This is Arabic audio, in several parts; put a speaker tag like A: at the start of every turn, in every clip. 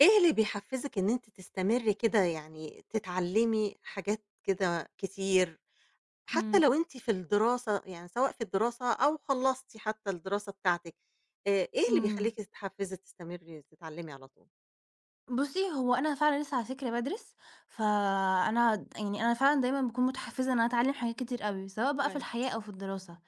A: إيه اللي بيحفزِك إن أنتِ تستمري كده يعني تتعلمي حاجات كده كتير، حتى
B: إمم.
A: لو أنتِ في الدراسة يعني سواء في الدراسة أو خلصتِ حتى الدراسة بتاعتِك، آآ، إيه اللي
B: إمم.
A: بيخليكِ تتحفزي، تستمري، تتعلمي على طول؟
B: بُصّي، هو أنا فعلًا لسّة على فكرة بادرس ف آآ أنا يعني أنا فعلًا دايمًا باكون متحفزة إن أنا أتعلم حاجات كتير أوي، سواء بقى في
A: كويس.
B: الحياة أو في الدراسة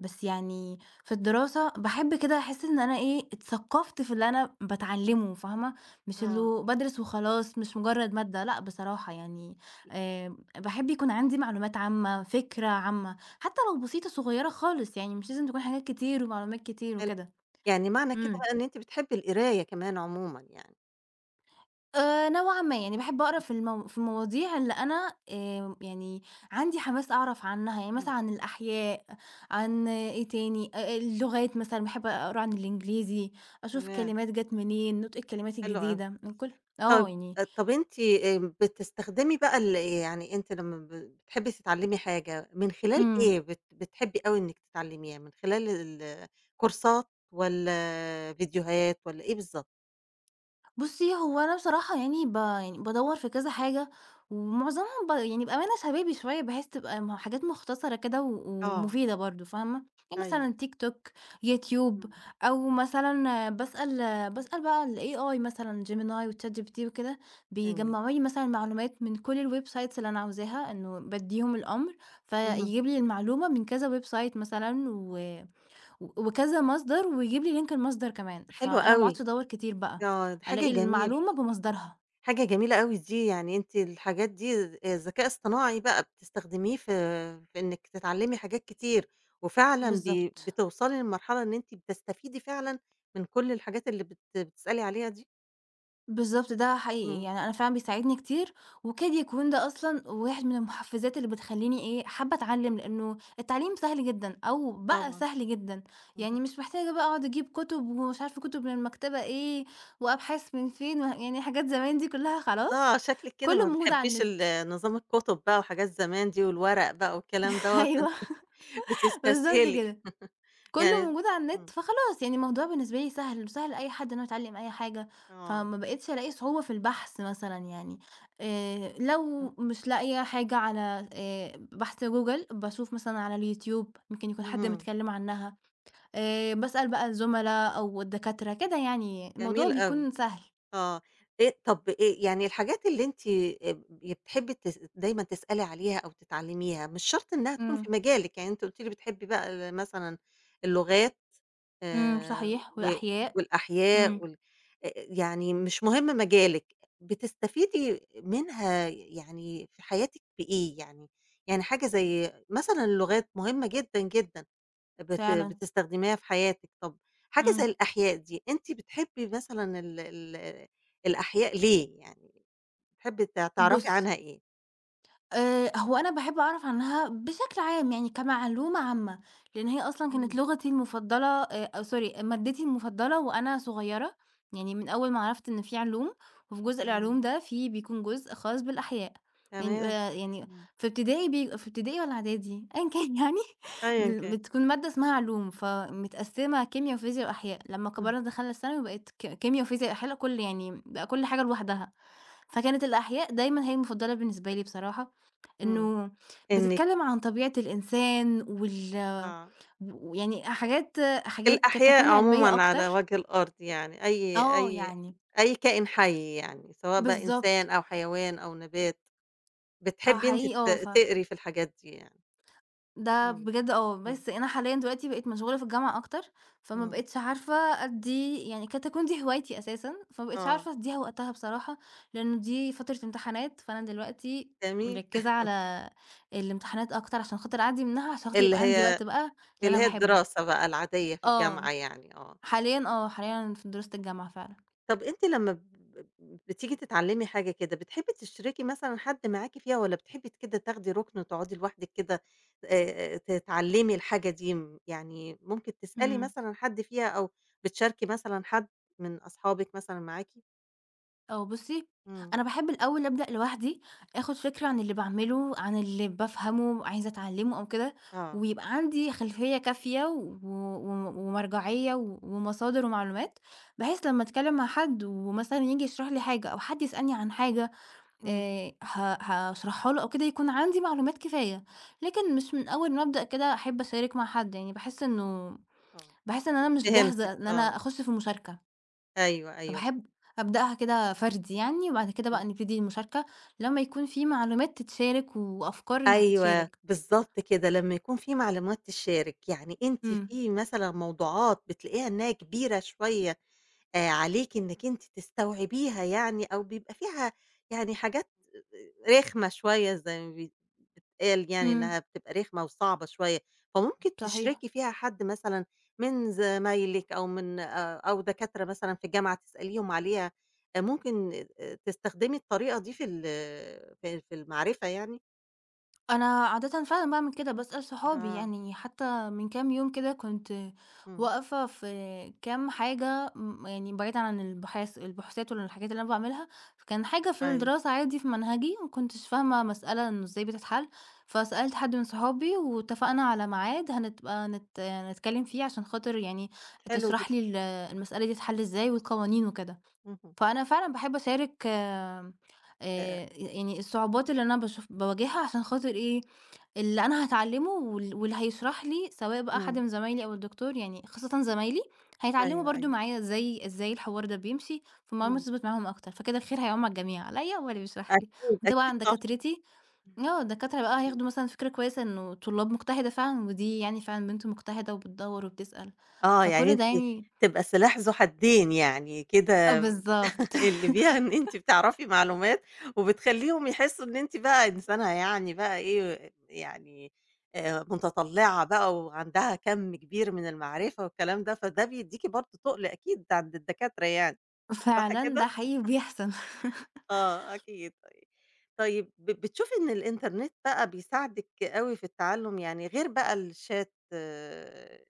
B: بس يعني في الدراسة باحب كده أحس إن أنا إيه، اتثقفت في اللي أنا باتعلمه فاهمة مش
A: آه.
B: إنه بادرس وخلاص مش مجرد مادة لأ بصراحة يعني، آآ باحب يكون عندي معلومات عامة فكرة عامة حتى لو بسيطة صغيرة خالص يعني مش لازم تكون حاجات كتير ومعلومات كتير
A: حلو،
B: وكده
A: يعني معنى كده
B: إمم.
A: إن أنتِ بتحبي القراية كمان عمومًا يعني.
B: آآ، نوعًا ما، يعني باحب أقرا في الم في المواضيع اللي أنا آآ يعني عندي حماس أعرف عنّها، يعني
A: إمم.
B: مثلًا عن الأحياء عن إيه تاني، أ أ اللغات مثلًا باحب أقرا عن الإنجليزي أشوف
A: تمام.
B: كلمات جات منين نطق الكلمات
A: حلو أوي،
B: الجديدة، من كل
A: طَب
B: آه يعني.
A: طَب أنتِ بتستخدمي بقى ال آآ يعني أنتِ لمّا بتحبي تتعلمي حاجة من خلال
B: إمم.
A: إيه بت بتحبي أوي إنِك تتعلميها، من خلال ال آآ كورسات والّا آآ فيديوهات، والّا إيه بالضبط؟
B: بُصّي هو أنا بصراحة يعني ب يعني بادوّر في كذا حاجة ومعظمهم ب يعني بأمانة شبابي شوية بحيث تبقى م حاجات مختصَرة كده و
A: آه.
B: ومفيدة برضه فاهمة؟ يعني
A: أيوه.
B: مثلًا Youtube ،Tiktok
A: إمم.
B: أو مثلًا باسأل باسأل بقى الAI مثلًا Gemini وChatGPT وكده
A: جميل.
B: بيجمّعوا لي مثلًا معلومات من كل الwebsites اللي أنا عاوزاها إنه بادّيهم الأمر ف
A: اهم.
B: يجيب لي المعلومة من كذا website مثلًا و و وكذا مصدر ويجيب لي link المصدر كمان
A: حلو
B: فأنا ما
A: أوي.
B: أقعُدش أدوّر كتير
A: ي
B: بقى
A: آه، دي حاجة
B: ألاقي
A: جميل
B: المعلومة بمصدرها.
A: حاجة جميلة أوي دي، يعني أنتِ الحاجات دي آآ ذكاء اصطناعي بقى بتستخدميه في في إنِك تتعلّمي حاجات كتير وفعلًا بي
B: بالضبط.
A: بتوصَلي للمرحلة إن أنتِ بتستفيدي فعلًا من كل الحاجات اللي بت بتسألي عليها دي؟
B: بالضبط، ده حقيقي،
A: إمم.
B: يعني أنا فعلًا بيساعدني كتير وكاد يكون ده أصلًا واحد من المحفّزات اللي بتخلّيني إيه، حابّة أتعلّم لإنه التعليم سهل جدًا أو بقى
A: طبعًا.
B: سهل جدًا
A: اهم.
B: يعني مش محتاجة بقى أقعُد أجيب كُتب ومش عارفة كُتب من المكتبة إيه، وأبحاث من فين، وه يعني حاجات زمان دي كلّها خلاص،
A: آه، شكلِك كده
B: كلّه
A: ما
B: موجود على
A: بتحبّيش
B: النت.
A: ال نظام الكُتب بقى وحاجات زمان دي والورق بقى والكلام دوّة فأنتِ
B: أيوه بالضبط
A: بتستسهلي
B: كده، كلّه
A: يعني
B: موجود على النت
A: إمم.
B: فخلاص يعني الموضوع بالنسبة لي سهل وسهل لأي حد إن هو يتعلّم أي حاجة،
A: آه.
B: فما بقيتش ألاقي صعوبة في البحث مثلًا يعني آآ، لو
A: إمم.
B: مش لاقية حاجة على آآ بحث Google باشوف مثلًا على الYoutube ممكن يكون حد
A: اهم.
B: متكلّم عنها آآ، باسأل بقى الزُملا أو الدكاترة كده يعني الموضوع
A: جميل أوي،
B: بيكون سهل.
A: آه، آآ طَب آآ يعني الحاجات اللي أنتِ آآ ب ي بتحبّي تس دايمًا تسألي عليها أو تتعلّميها، مش شرط إنها تكون في
B: إمم.
A: مجالِك، يعني أنتِ قُلتِ لي بتحبّي بقى ال مثلًا اللغات
B: إمم،
A: آآ
B: صحيح
A: و
B: والأحياء،
A: والأحياء
B: إمم.
A: وال آآ يعني مش مهم مجالِك بتستفيدي منها ي يعني في حياتِك بإيه يعني؟ يعني حاجة زي مثلًا اللغات مهمّة جدًا، جدًا بت
B: فعلًا.
A: بتستخدميها في حياتِك، طَب حاجة زي
B: إمم.
A: الأحياء دي أنتِ بتحبّي مثلًا ال ال الأحياء ليه، يعني بتحبّي ت تعرفي عنها
B: بُصّي
A: إيه؟
B: آآ هو أنا باحب أعرف عنها بشكل عام يعني كمعلومة عامة لإن هي أصلًا كانت
A: اهم.
B: لغتي المفضلة آآ آآ sorry مادتي المفضّلة وأنا صغيّرة، يعني من أول ما عرفت إن في علوم وفي جزء
A: إمم.
B: العلوم ده في بيكون جزء خاص بالأحياء، يعني
A: تمام،
B: بيبقى يعني
A: إمم.
B: في ابتدائي، بيبقى في ابتدائي والّا إعدادي؟ أيًا كان يعني،
A: أيًا
B: مل
A: كان.
B: بتكُون مادة اسمها علوم فمتقسّمة كيميا وفيزيا وأحياء، لمّا
A: إمم.
B: كبِرنا دخَلنا الثانوي بقِت ك كيميا وفيزيا وأحياء ل كل يعني م بقى كل حاجة لوحدها، فكانت الأحياء دايمًا هي المفضّلة بالنسبة لي بصراحة،
A: إمم
B: إنه
A: إنِك
B: بتتكلّم عن طبيعة الإنسان وال
A: آه.
B: و ويعني حاجات حاجات قد
A: الأحياء
B: تكون عِلمية
A: عمومًا على
B: أكتر.
A: وجه الأرض يعني أي
B: آه
A: أي
B: يعني
A: أي كائن حي يعني سواء بقى
B: بالضبط.
A: إنسان أو حيوان أو نبات
B: آه،
A: بتحبّي أنتِ
B: حقيقي
A: ت
B: آه، ف
A: تقري في الحاجات دي يعني.
B: ده
A: إمم،
B: بجد آه،
A: إمم.
B: بس أنا حاليًا دلوقتي بقيت مشغولة في الجامعة أكتر فما
A: إمم.
B: بقيتش عارفة أدّي يعني قد تكون دي هوايتي أساسًا فما بقيتش
A: آه.
B: عارفة أدّيها وقتها بصراحة لإنه دي فترة إمتحانات فأنا دلوقتي
A: جميل.
B: مركّزة على الإمتحانات أكتر عشان خاطر أعدّي منها عشان خاطر
A: اللي
B: يبقى عندي
A: هي
B: وقت بقى للي
A: اللي
B: أنا
A: هي
B: باحبّه.
A: الدراسة بقى العادية في
B: آه،
A: الجامعة يعني، آه.
B: حاليًا آه، حاليًا أنا في دراسة الجامعة فعلًا.
A: طَب أنتِ لمّا ب ب بتيجي تتعلّمي حاجة كده بتحبّي تشرِكي مثلًا حد معاكِ فيها والّا بتحبّي ت كده تاخدي رُكن وتقعُدي لوحدِك كده آآ آآ تتعلّمي الحاجة دي م يعني ممكن تسألي
B: إمم.
A: مثلًا حد فيها أو بتشاركي مثلًا حد من أصحابِك مثلًا معاكِ؟
B: آه، بُصّي،
A: امم.
B: أنا بأحب الأول أبدأ لوحدي، آخُد فكرة عن اللي باعمله، عن اللي بافهمه، عايزة أتعلَّمه، أو كده.
A: آه.
B: ويبقى عندي خلفية كافية و و و ومرجعية و ومصادر ومعلومات، بحيث لمَّا أتكلَّم مع حد، ومثلًا ييجي يشرح لي حاجة، أو حد يسألني عن حاجة،
A: امم.
B: آآ، ه هاشرحها له أو كده، يكون عندي معلومات كفاية. لكن مش من أول ما أبدأ كده، أحِب أشارك مع حد. يعني بأحِس إنه
A: آه،
B: بأحِس إن أنا مش
A: فهمتِك
B: جاهزة، إن
A: آه.
B: أنا أخُش في مُشاركة.
A: أيوه، أيوه.
B: فباحب أبدأها كده فردي يعني، وبعد كده
A: امم.
B: بقى نبتدي المشاركة، لمّا يكون في معلومات تتشارك وأفكار إنها
A: أيوه،
B: تتشارك.
A: بالضبط كده. لمَّا يكون في معلومات تتشارك، يعني أنتِ
B: امم.
A: في مثلًا موضوعات بتلاقيها إن هي كبيرة شوية، آآ، عليكي إنِك أنتِ تستوعبيها يعني؟ أو بيبقى فيها يعني، حاجات آآ، رخمة شوية، زي ما بيتقال يعني
B: امم.
A: إنها بتبقى رخمة وصعبة شوية. فممكن
B: صحيح.
A: تشركي فيها حد مثلًا من زمايلِك، أو من آآ، أو دكاترة مثلًا في الجامعة، تسأليهم عليها. ممكن تستخدمي الطريقة دي في ال في في المعرفة يعني؟
B: أنا عادةً فعلًا باعمل كده باسأل صحابي
A: آه.
B: يعني حتى من كام يوم كده كنت
A: إمم.
B: واقفة في كام حاجة، م يعني بعيدًا عن البحاث البحوثات والحاجات اللي أنا باعملها، فكان حاجة في
A: أيوه.
B: الدراسة عادي في منهجي ما كنتش فاهمة مسألة إنه إزاي بتتحل، فسألت حد من صحابي واتفقنا على معاد هنبقى نت نتكلم فيه عشان خاطر يعني
A: حلو جدًا.
B: تشرح لي ال المسألة دي تتحل إزاي والقوانين وكده،
A: اهم.
B: فأنا فعلًا باحب أشارك آمم
A: آآ
B: آآ يعني الصعوبات اللي أنا باشوف باواجهها عشان خاطر إيه، اللي أنا هاتعلمه وال واللي هيشرح لي سواء بقى حد
A: إمم.
B: من زمايلي أو الدكتور يعني خاصةً زمايلي،
A: أيوه
B: هيتعلموا برضه
A: أيوه.
B: معايا إزاي إزاي الحوار ده بيمشي، فالمعلومة
A: إمم.
B: تثبَت معاهم أكتر فكده الخير هيّعُم على الجميع عليّا وعلى اللي بيشرح لي
A: أكيد أكيد
B: وطبعًا
A: صح.
B: دكاترتي، آه الدكاترة بقى هياخدوا مثلًا فكرة كويسة إنه طلاب مُجتهدَة فعلًا ودي يعني فعلًا بنت مُجتهدَة وبتدوّر وبتسأل
A: آه يعني
B: فكل ده
A: أنتِ
B: يعني
A: تبقى سلاح ذو حدين يعني، كده
B: آه بالضبط.
A: اللي فيها إن أنتِ بتعرفي معلومات وبتخليهم يحسوا إن أنتِ بقى إنسانة يعني بقى إيه يعني، آآ متطلعة بقى وعندها كم كبير من المعرفة والكلام ده فده بيديكِ برضه تُقل أكيد عند الدكاترة يعني صح
B: فعلًا ده
A: كده؟
B: حقيقي وبيحصل.
A: آه أكيد، طيب طيب ب بتشوفي إن الإنترنت بقى بيساعدِك أوي في التعلم يعني غير بقى الchat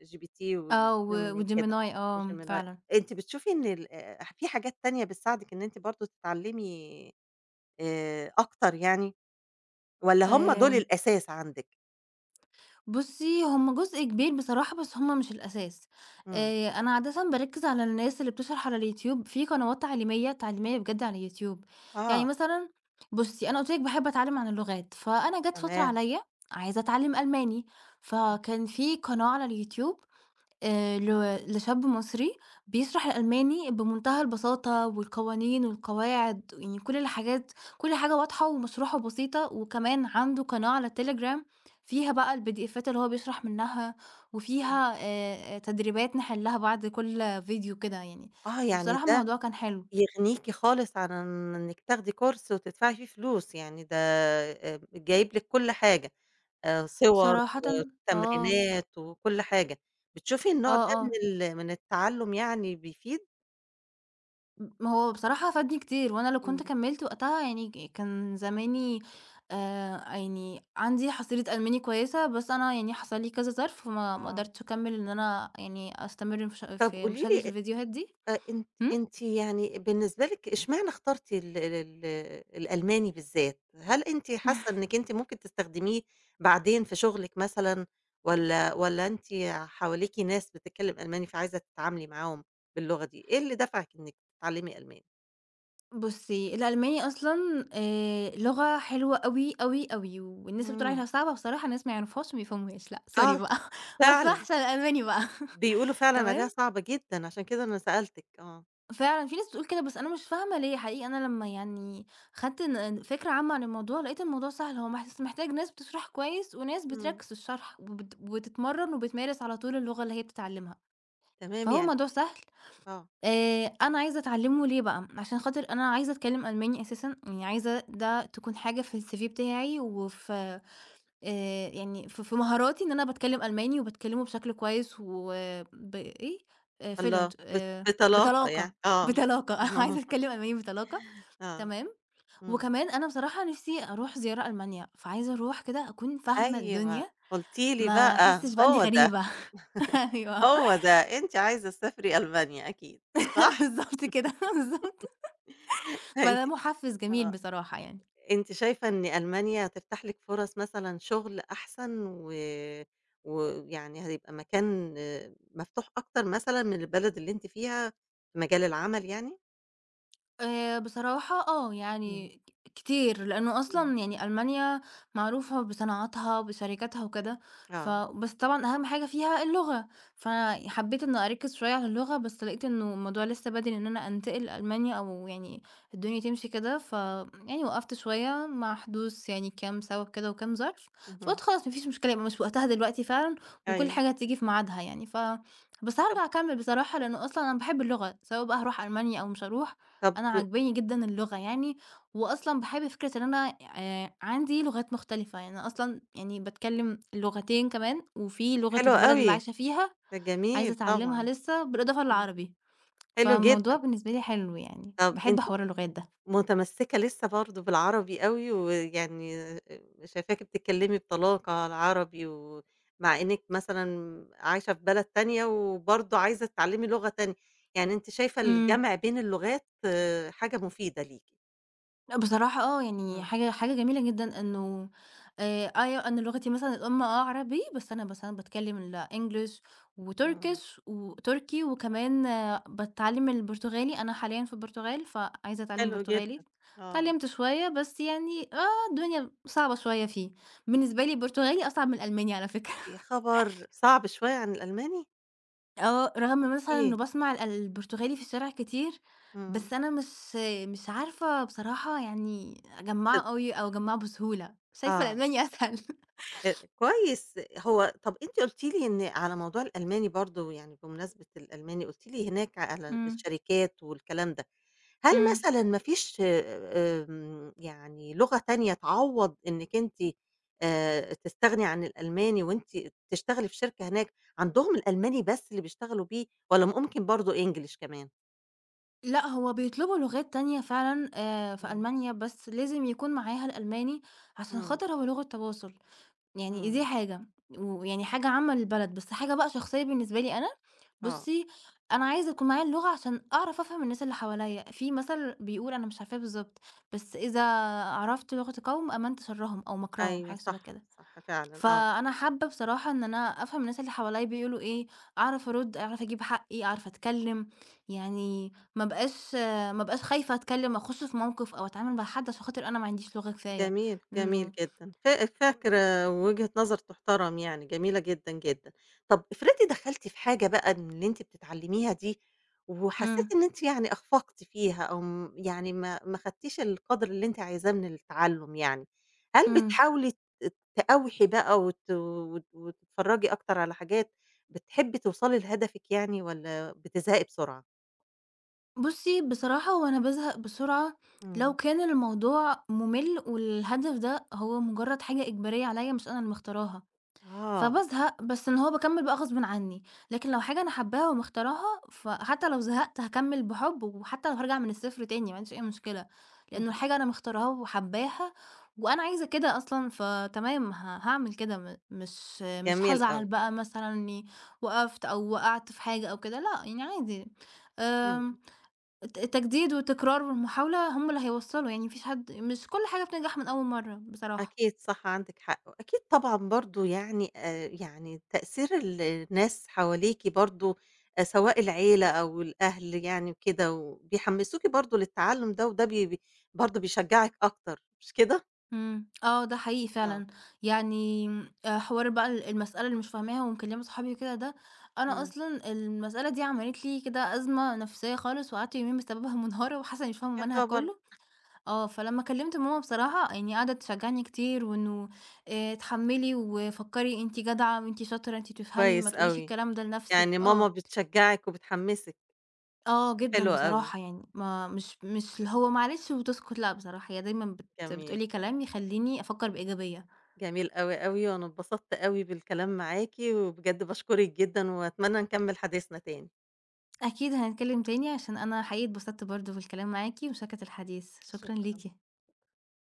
A: gpt
B: آه و
A: والGemini وكده
B: وGemini آه
A: وGemini
B: فعلًا.
A: أنتِ بتشوفي إن ال آآ في حاجات تانية بتساعدك إن أنتِ برضه تتعلمي آآ أكتر يعني؟ والّا هم دول
B: آآ
A: الأساس عندِك؟
B: بُصّي، هُم جزء كبير بصراحة، بس هُم مش الأساس
A: امم.
B: آآ أنا عادةً باركز على الناس اللي بتشرح على اليوتيوب في قنوات تعليمية تعليمية بجد على اليوتيوب. يعني
A: آه.
B: مثلًا بُصّي، أنا قُلت لِك باحب أتعلم عن اللغات، فأنا جات فترة
A: تمام.
B: عليا عايزة أتعلم ألماني، فكان في قناة على اليوتيوب آآ لو لشاب مصري بيشرح الألماني بمنتهى البساطة والقوانين والقواعد، يعني كل الحاجات كل حاجة واضحة ومشروحة بسيطة، وكمان عنده قناة على التليجرام فيها بقى الpdfات اللي هو بيشرح منها وفيها آآ تدريبات نحلها بعد كل فيديو كده يعني،
A: آه يعني
B: فبصراحة
A: ده
B: الموضوع كان حلو.
A: يغنيكِ خالص عن إنِك تاخدي كورس وتدفعي فيه فلوس يعني، ده آآ جايب لِك كل حاجة آآ صور
B: صراحةً آه.
A: وتمرينات وكل حاجة، بتشوفي
B: آه
A: النوع ده من
B: آه.
A: ال من التعلم يعني بيفيد؟
B: م ما هو بصراحة فادني كتير وأنا لو كنت
A: امم.
B: كمّلت وقتها يعني ك كان زماني آآ يعني عندي حصيلة ألماني كويسة، بس أنا يعني حصل لي كذا ظرف فما ما
A: آه.
B: قدرتش أكمل إن أنا يعني أستمر في ش
A: طب
B: في
A: قولي
B: مشاهدة
A: لي أ
B: الفيديوهات دي.
A: أ أن
B: امم.
A: أنتِ يعني بالنسبة لِك اشمعنى اختارتِ ال ال ال الألماني بالذات؟ هل أنتِ حاسة إنِك أنتِ ممكن تستخدميه بعدين في شغلِك مثلًا والّا والّا أنتِ حواليكِ ناس بتتكلم ألماني فعايزة تتعاملي معاهم باللغة دي إيه اللي دفعِك إنِك تتعلمي ألماني؟
B: بُصِي، الألماني أصلًا آآ لغة حلوة أوي أوي أوي. والناس اللي بتقول
A: همم.
B: عليها صعبة بصراحة ناس ما يعرفوهاش وما يفهموهاش. لأ، sorry
A: آه،
B: بقى بس
A: فعلًا.
B: أحسن الألماني بقى،
A: بيقولوا فعلًا عليها
B: تمام.
A: صعبة جدًا، عشان كده أنا سألتِك آه.
B: فعلًا في ناس بتقول كده بس أنا مش فاهمة ليه حقيقي! أنا لمّا يعني خدت ن فكرة عامة عن الموضوع لقيت الموضوع سهل. هو بس محتاج ناس بتشرح كويس، وناس
A: امم.
B: بتركز في الشرح، وبت وبتتمرن، وبتمارس على طول اللغة اللي هي بتتعلمها.
A: تمام
B: فهو
A: يعني
B: موضوع سهل.
A: آه.
B: آآ، أنا عايزة أتعلمه ليه بقى، عشان خاطر أنا عايزة أتكلم ألماني أساسًا، يعني عايزة ده تكون حاجة في الCV بتاعي، وف آآ يعني ف في مهاراتي إن أنا باتكلم ألماني وباتكلمه بشكل كويس وب إيه، Fluent
A: الله، ب
B: آآ
A: بطلاقة يعني
B: بطلاقة،
A: آه.
B: بطلاقة، أنا عايزة أتكلم ألماني بطلاقة،
A: آه،
B: تمام.
A: امم.
B: وكمان أنا بصراحة نفسي أروح زيارة ألمانيا فعايزة أروح كده أكون فاهمة
A: أيوه
B: الدنيا،
A: قلتِ لي
B: ما
A: بقى،
B: أحسش بقى إني
A: هو ده.
B: غريبة، أيوه.
A: هو ده أنتِ عايزة تسافري ألمانيا أكيد، صح؟
B: بالضبط كده، بالضبط.
A: فأنتِ
B: فده مُحفز جميل
A: آه،
B: بصراحة يعني.
A: أنتِ شايفة إن ألمانيا هتفتح لِك فرص مثلًا شغل أحسن و ويعني هيبقى مكان مفتوح أكتر مثلًا من البلد اللي أنتِ فيها في مجال العمل يعني؟
B: آآ بصراحة آه
A: إمم.
B: يعني كتير، لأنه
A: إمم.
B: أصلًا يعني ألمانيا معروفة بصناعاتها وبشركاتها وكده، ف
A: آه.
B: بس طبعًا أهم حاجة فيها اللغة، فحبيت إني أركز شوية على اللغة بس لقيت إنه الموضوع لسّا بدري إن أنا انتقل لألمانيا أو يعني الدنيا تمشي كده، ف يعني وقفت شوية مع حدوث يعني كام سبب كده وكام ظرف،
A: أها.
B: فقُلت خلاص ما فيش مشكلة يبقى مش وقتها دلوقتي فعلًا وكل
A: أيوه.
B: حاجة هتيجي في ميعادها يعني، ف بس
A: طَب
B: هارجع أكمل بصراحة لأنه أصلًا أنا باحب اللغة سواء بقى هاروح ألمانيا أو مش هاروح
A: طب
B: أنا عجباني جدًا اللغة يعني، وأصلًا باحب فكرة إن أنا آآ عندي لغات مختلفة يعني أنا أصلًا يعني باتكلم لُّغتين كمان في لغة
A: حلو
B: البلد اللي
A: أوي
B: عايشة فيها
A: ده
B: عايزة
A: جميل
B: اتعلمها
A: طبعًا
B: لسّة، بالإضافة
A: إمم
B: للعربي
A: حلو جدًا.
B: فالموضوع بالنسبة لي حلو يعني
A: طبَ
B: باحب
A: أنتِ
B: حوار اللغات ده
A: متمسكة لسّة برضه بالعربي أوي ويعني آآ شايفاكِ بتتكلمي بطلاقة العربي، ومع إنك مثلًا عايشة في بلد تانية وبرضه عايزة تتعلمي لغة تانية، يعني أنتِ شايفة
B: إمم.
A: الجمع بين اللغات حاجة مفيدة ليكِ؟
B: لأ بصراحة آه، يعني
A: امم.
B: حاجة حاجة جميلة جدًا إنه، آآ أيوه أنا لغتي مثلًا الأُم آه عربي بس أنا مثلًا باتكلّم الEnglish،
A: امم.
B: وTurkish و تركي وكمان باتعلّم البرتغالي، أنا حاليًا في البرتغال ف عايزة أتعلّم
A: حلو جدًا،
B: برتغالي،
A: آه.
B: اتعلّمت شوية بس يعني آه، الدنيا صعبة شوية فيه، بالنسبة لي البرتغالي أصعب من الألماني على فكرة.
A: يا خبر! صعب شوية عن الألماني؟
B: آه رغم مثلًا
A: إيه؟
B: إنه باسمع ال البرتغالي في الشارع كتير،
A: امم.
B: بس أنا مش مش عارفة بصراحة يعني أجمّعه
A: ت
B: أوي أو أجمّعه بسهولة، شايفة
A: آه.
B: الألماني أسهل.
A: [unintelligible] كويس، هو طَب أنتِ قُلتِ لي إن على موضوع الألماني برضه يعني، بمناسبة الألماني قُلتِ لي هناك على
B: امم.
A: الشركات والكلام ده، هل
B: امم.
A: مثلًا ما فيش آمم يعني لغة تانية تعوّض إنك أنتِ، آآ تستغني عن الألماني وأنتِ تشتغلي في شركة هناك، عندهم الألماني بس اللي بيشتغلوا بيه، والّا ممكن برضو English كمان؟
B: لأ، هو بيطلبوا لغات تانية فعلًا آآ في
A: امم.
B: ألمانيا بس لازم يكون معاها الألماني، عشان
A: امم.
B: خاطر هو لغة تواصُل، يعني دي
A: امم.
B: حاجة، ويعني حاجة عامة للبلد بس حاجة بقى شخصيّة بالنسبة لي أنا،
A: آه.
B: بُصّي، أنا عايزة يكون معايا اللغة عشان أعرف أفهَم الناس اللي حواليّا، في مثل بيقول أنا مش عارفاه بالضبط، بس إذا عرفت لغة قوم آمنت شرّهم أو مكرهم
A: أيوه
B: حاجة شبَه
A: صح،
B: كده،
A: صح فعلًا، آه.
B: فأنا حابّة بصراحة إن أنا أفهَم الناس اللي حواليّا بيقولوا إيه، أعرف أرُد، أعرف أجيب حقّي، أعرف أتكلّم، يعني ما أبقاش ما أبقاش خايفة أتكلّم أخش في موقِف أو أتعامل مع حد بس خاطر أنا ما عنديش لغة كفاية،
A: جميل، جميل
B: إنه
A: جدًا، ف فاكرة وجهة نظر تُحترم يعني جميلة جدًا، جدًا. طَب إفرضي دخلتِ في حاجة بقى من اللي أنتِ بتتعلّميها دي، وحسّيتِ
B: امم.
A: إن أنت يعني أخفقتِ فيها أو آمم، يعني ما ما خدتيش القدْر اللي أنتِ عايزاه من التعلُّم يعني، هل
B: امم.
A: بتحاولي ت تقاوحي بقى وت و و تتفرّجي أكتر على حاجات، بتحبّي توصَلي لهدفِك يعني والّا بتزهقي بسرعة؟
B: بُصّي، بصراحة هو أنا بازهق بسرعة لو
A: إمم.
B: كان الموضوع مُمِل والهدف ده هو مُجرّد حاجة إجبارية عليّا مش أنا اللي مختارها،
A: آه.
B: فبازهق بس إن هو باكمِّل بقى غصبٍ عنّي، لكن لو حاجة أنا حابّاها ومختارها، فحتّى لو زهقت هاكمِّل بحُب، وحتّى لو هارجع من الصفر تاني ما عنديش أي مشكلة، لإنّه
A: اهم.
B: الحاجة أنا مختارها وحابّاها وأنا عايزة كده أصلًا، فتمام ه هاعمل كده م مش مش
A: جميل
B: هازعل
A: أوي.
B: بقى مثلًا إنّي وقفْت أو وقعْت في حاجة أو كده لأ، يعني عادي
A: إمم.
B: آمم الت التجديد والتكرار والمحاولة هم اللي هيوصّلوا، يعني ما فيش حد مش كل حاجة بتنجح من أول مرّة بصراحة.
A: أكيد صح، عندِك حق. وأكيد طبعًا برضه يعني آآ يعني تأثير ال الناس حواليكِ برضه آآ سواء العيلة أو الأهل يعني وكده وبيحمّسوكِ برضه للتعلُّم ده وده ب ب برضه بيشجّعِك أكتر مش كده؟
B: إمم. آه، ده حقيقي
A: آه.
B: فعلًا. يعني م آآ حوار بقى ال المسألة اللي مش فاهماها ومكلِّمة صحابي وكده ده أنا
A: إمم.
B: أصلًا المسألة دي عملِت لي كده أزمة نفسيّة خالص وقعدت يومين بسببها مُنهارة وحاسّة إنّي مش فاهمة
A: يا
B: المنهج
A: خبر!
B: كُلّه، آه، فلمّا كلِّمت ماما بصراحة يعني قاعدة تشجّعني كتير وإنه آآ "اتحمّلي وفكّري أنتِ جدعة وأنتِ شاطرة، أنتِ بتفهمي ما
A: كويس
B: تقوليش
A: أوي،
B: الكلام ده
A: يعني
B: لنَفْسِك." آه.
A: ماما بتشجّعِك وبتحمّسِك.
B: آه، جدًا
A: حلو أوي.
B: بصراحة يعني ما مش مش اللي هو معلش وبتسكت لأ بصراحة هي دايمًا بت بتقول
A: جميل.
B: لي كلام يخلّيني أفكّر بإيجابية.
A: جميل أوي، أوي، وأنا اتبسطت أوي بالكلام معاكِ وبجد باشكرِك جدًا وأتمنّى نكمِّل حديثنا تاني.
B: أكيد هنتكلِّم تاني عشان أنا حقيقي اتبسطت برضه في الكلام معاكِ ومشاركة الحديث، شكرًا
A: شكرًا.
B: ليكِ.